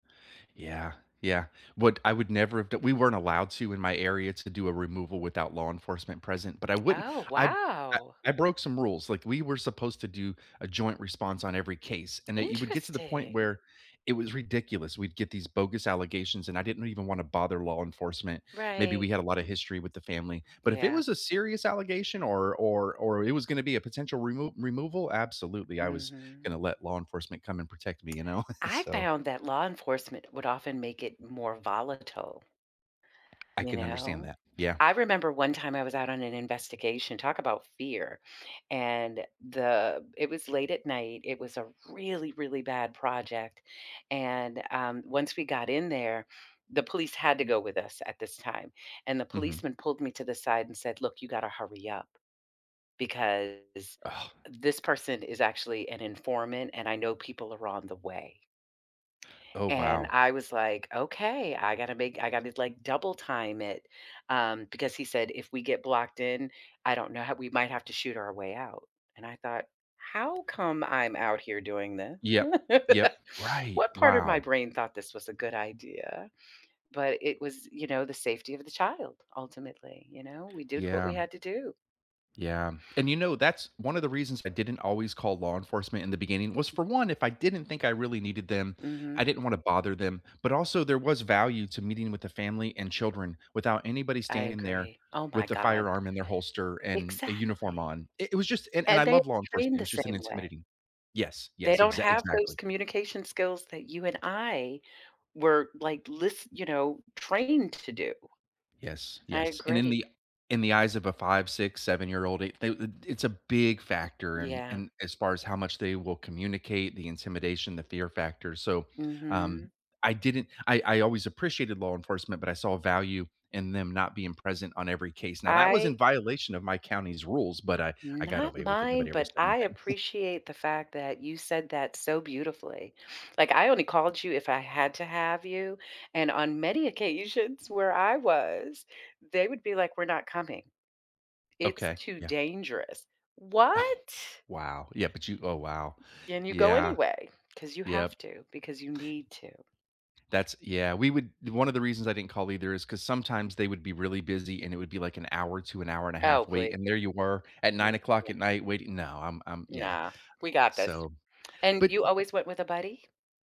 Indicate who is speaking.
Speaker 1: Yeah, yeah. What I would never have d we weren't allowed to in my area to do a removal without law enforcement present, but I wouldn't
Speaker 2: Oh,
Speaker 1: I
Speaker 2: wow.
Speaker 1: I broke some rules. Like, we were supposed to do a joint response on every case, and that you would get to the point
Speaker 2: Interesting.
Speaker 1: where it was ridiculous. We'd get these bogus allegations and I didn't even wanna bother law enforcement. Maybe
Speaker 2: Right.
Speaker 1: we had a lotta history with the family. But if it
Speaker 2: Yeah.
Speaker 1: was a serious allegation or or or it was gonna be a potential remove removal, absolutely. I was
Speaker 2: Mhm.
Speaker 1: gonna let law enforcement come and protect me, you know?
Speaker 2: I
Speaker 1: So.
Speaker 2: found that law enforcement would often make it more volatile
Speaker 1: I
Speaker 2: you
Speaker 1: can understand
Speaker 2: know?
Speaker 1: that. Yeah.
Speaker 2: I remember one time I was out on an investigation- talk about fear- and the it was late at night, it was a really, really bad project, and, um, once we got in there, the police had to go with us at this time, and the
Speaker 1: Mhm.
Speaker 2: policeman pulled me to the side and said, "Look, you gotta hurry up, because
Speaker 1: Oh.
Speaker 2: this person is actually an informant, and I know people are on the way."
Speaker 1: Oh,
Speaker 2: And
Speaker 1: wow.
Speaker 2: I was like, "Okay, I gotta make I gotta like double time it," um, because he said, "if we get blocked in, I don't know how we might have to shoot our way out." And I thought, "How come I'm out here doing this?"
Speaker 1: Yep, yep. Right.
Speaker 2: "What part of my
Speaker 1: Wow.
Speaker 2: brain thought this was a good idea?" But it was, you know, the safety of the child; ultimately, you know, we did what we
Speaker 1: Yeah.
Speaker 2: had to do.
Speaker 1: Yeah. And, you know, that's one of the reasons I didn't always call law enforcement in the beginning was for one, if I didn't think I really needed them, I
Speaker 2: Mhm.
Speaker 1: didn't wanna bother them. But, also, there was value to meeting with the family and children without anybody
Speaker 2: I
Speaker 1: standing there
Speaker 2: agree. Oh my
Speaker 1: with the
Speaker 2: god.
Speaker 1: firearm in their holster and a uniform
Speaker 2: Exactly.
Speaker 1: on. It it was just and and
Speaker 2: And
Speaker 1: I
Speaker 2: they are
Speaker 1: love law enforcement.
Speaker 2: trained
Speaker 1: It
Speaker 2: the
Speaker 1: was just an
Speaker 2: same way.
Speaker 1: intimidating Yes,
Speaker 2: They
Speaker 1: yes.
Speaker 2: don't
Speaker 1: Exact
Speaker 2: have those
Speaker 1: exactly.
Speaker 2: communication skills that you and I were, like, lis you know, trained to do.
Speaker 1: Yes,
Speaker 2: I
Speaker 1: yes. And in
Speaker 2: agree.
Speaker 1: the in the eyes of a five, six, seven-year-old, they they it it's a big factor in
Speaker 2: Yeah.
Speaker 1: in as far as how much they will communicate, the intimidation, the fear factor. So, um,
Speaker 2: Mhm.
Speaker 1: I didn't I I always appreciated law enforcement, but I saw value in them not being present on every case. Now that was in
Speaker 2: I
Speaker 1: violation of my county's rules, but I I got
Speaker 2: Not
Speaker 1: away with it.
Speaker 2: mine,
Speaker 1: Nobody ever
Speaker 2: but
Speaker 1: said
Speaker 2: I
Speaker 1: anything.
Speaker 2: appreciate the fact that you said that so beautifully. Like, I only called you if I had to have you, and on many occasions where I was, they would be like, "We're not coming. It's
Speaker 1: Okay,
Speaker 2: too
Speaker 1: yeah.
Speaker 2: dangerous." What?
Speaker 1: Ugh, wow. Yeah, but you oh, wow.
Speaker 2: Then you go
Speaker 1: Yeah,
Speaker 2: anyway 'cause you
Speaker 1: Yep.
Speaker 2: have to, because you need to.
Speaker 1: That's yeah. We would one of the reasons I didn't call either is 'cause sometimes they would be really busy, and it would be like an hour to an hour and a
Speaker 2: Oh,
Speaker 1: half
Speaker 2: please.
Speaker 1: wait, and there you were at 9:00 at
Speaker 2: [unintelligible]
Speaker 1: night waiting. No. I'm I'm yeah.
Speaker 2: Nah, we got this.
Speaker 1: So,
Speaker 2: And
Speaker 1: but
Speaker 2: you always went with a buddy?